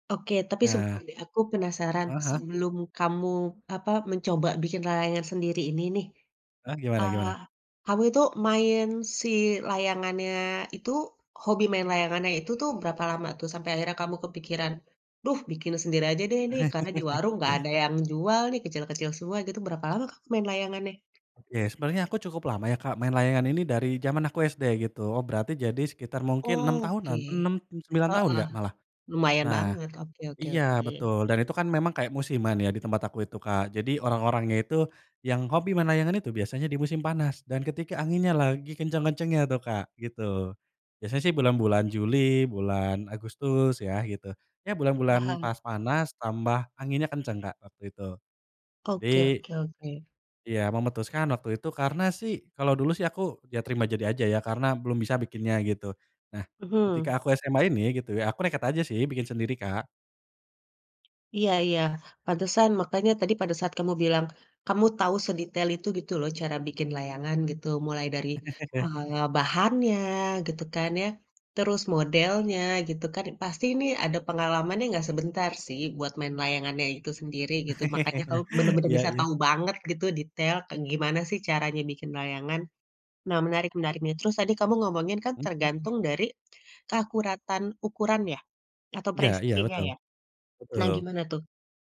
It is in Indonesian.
Oke, tapi Nah. sebentar deh. Aku penasaran, Heeh heeh. sebelum kamu, apa, mencoba bikin layangan sendiri ini nih, Eh, gimana eee, gimana? kamu itu main si layangannya itu hobi main layangannya itu tuh berapa lama tuh sampai akhirnya kamu kepikiran, "Duh bikin sendiri aja deh nih, karena di warung nggak ada yang jual nih, kecil-kecil semua," gitu. Berapa lama kamu main layangannya? Oke, sebenarnya aku cukup lama ya, Kak, main layangan ini dari jaman aku SD gitu. Berarti jadi sekitar mungkin 6 Oke, tahunan, 6 mmm, 9 tahun heeh. enggak malah. Lumayan Nah, banget, oke oke oke. iya betul. Dan itu kan memang kayak musiman ya di tempat aku itu, Kak. Jadi orang-orangnya itu yang hobi main layangan itu biasanya di musim panas dan ketika anginnya lagi kencang kencangnya tuh, Kak, gitu. Biasanya sih bulan bulan Juli, bulan Agustus ya gitu. Ya bulan-bulan Paham. pas panas tambah anginnya kenceng, Kak, waktu itu. Oke Jadi oke oke. Iya memutuskan waktu itu karena sih, kalo dulu sih aku, iya terima jadi aja ya karena belum bisa bikinnya gitu. Nah ketika Mhm. aku SMA ini gitu ya, aku nekat aja sih bikin sendiri, Kak. Iya iya. Pantesan, makanya tadi pada saat kamu bilang, kamu tahu sedetail itu gitu loh cara bikin layangan gitu. Mulai dari eee, bahannya gitu kan ya, terus modelnya gitu kan, pasti ini ada pengalamannya nggak sebentar sih buat main layangannya itu sendiri gitu. Makanya kamu bener-bener Iya bisa tahu iya. banget gitu, detail kayak gimana sih caranya bikin layangan. Nah menarik menarik nih, terus tadi kamu ngomongin kan Mhm. tergantung dari keakuratan ukuran ya? Atau Iya iya. presisinya Betul, ya? Nah betul. gimana tuh?